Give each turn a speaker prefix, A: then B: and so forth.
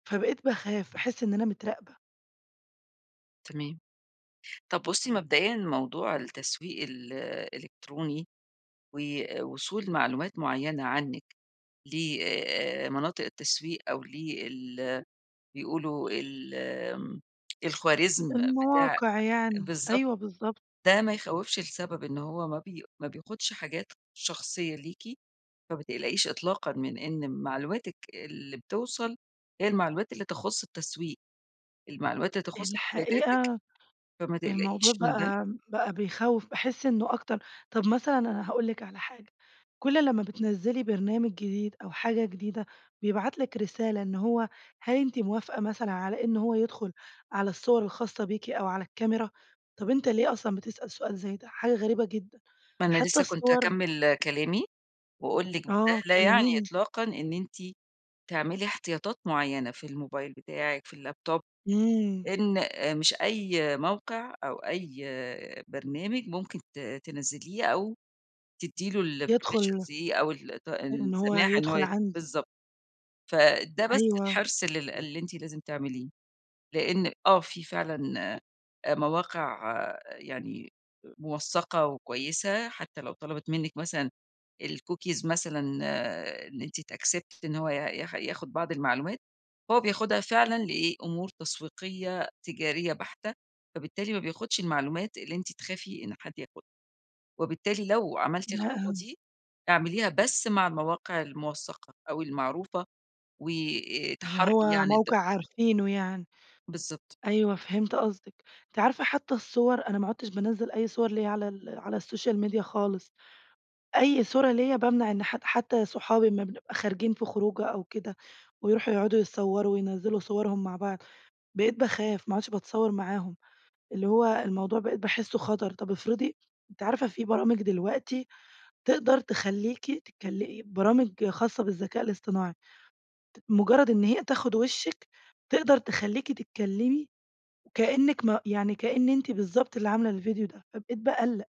A: فبقيت باخاف، باحس إن أنا متراقبة.
B: تمام، طب بُصّي مبدئيًا موضوع التسويق الإلكتروني، ووصول معلومات معينة عنِّك لمناطق التسويق أو لال بيقولوا ال امم، الخوارزم بتاع
A: المواقع يعني،
B: بالضبط،
A: أيوه بالضبط.
B: ده ما يخوّفش لسبب، إن هو ما بي ما بياخدش حاجات شخصية ليكِ، فما تقلقيش إطلاقًا من إن معلوماتِك اللي بتوصل هي المعلومات اللي تخص التسويق، المعلومات اللي تخص احتياجاتِك،
A: الحقيقة
B: فما
A: الموضوع
B: تقلقيش من ده.
A: بقى بقى بيخوّف، باحس إنّه أكتر طب مثلًا أنا هاقول لِك على حاجة، كُلّ لمّا بتنزّلي برنامج جديد أو حاجة جديدة بيبعت لِك رسالة إن هو هل أنتِ موافقة مثلًا على إن هو يدخل على الصور الخاصة بيكِ أو على الكاميرا؟ طب أنت ليه أصلًا بتسأل سؤال زي ده؟ حاجة غريبة جدًا،
B: ما أنا
A: حتى
B: لسه كنت
A: الصور
B: هاكمل كلامي وأقول لِك ده
A: آه،
B: لا يعني
A: كلِّميني.
B: إطلاقًا إن أنتِ تعملي احتياطات معيّنة في الموبايل بتاعِك، في اللاب توب،
A: امم.
B: إن آآ، مش أي موقع أو أي برنامج ممكن ت تنزّليه أو تدّي له الpermissions
A: يدخل
B: دي أو الط
A: إن هُو
B: السماح إن هو
A: يدخل
B: ي
A: عندي.
B: بالضبط، فده بس
A: أيوه.
B: حرص لل اللي أنتِ لازم تعمليه، لأن آه في فعلًا آآ مواقع يعني موثّقة وكويسة، حتى لو طلبت منِّك مثلًا الcookies مثلًا إن أنتِ تaccept إن هو ي ياخ ياخد بعض المعلومات، هو بياخدها فعلًا لإيه؟ أمور تسويقية تجارية بحتة، فبالتالي ما بياخدش المعلومات اللي أنتِ تخافي إن حد ياخدها، وبالتالي لو عملتِ الخطوة
A: لأ.
B: دي اعمليها بس مع المواقع المُوثّقة، أو المعروفة
A: يعني
B: وتحرّي
A: هو
B: يعني الد
A: موقع عارفينه يعني،
B: بالضبط.
A: أيوه فهمت قصدِك، أنتِ عارفة حتى الصور أنا ما عُدتش بانَزّل أي صور ليَّ على ال على السوشيال ميديا خالص، أيّ صورة ليَّ بامنع إن حد حتى صُحابي أما بنبقى خارجين في خروجة أو كده ويروحوا يقعدوا يتصوروا وينزّلوا صورهم مع بعض، بقيت باخاف، ما عُدتش باتصور معاهم، اللي هو الموضوع بقيت باحسه خطر، طب افرضي أنتِ عارفة في برامج دلوقتي تقدر تخلّيكِ تتكلِ برامج خاصة بالذكاء الاصطناعي، ت مجرد إن هي تاخد وشِّك تقدر تخلّيكِ تتكلمي كأنِّك ما يعني كإن أنتِ بالضبط اللي عاملة الفيديو ده، فبقيت باقلّق.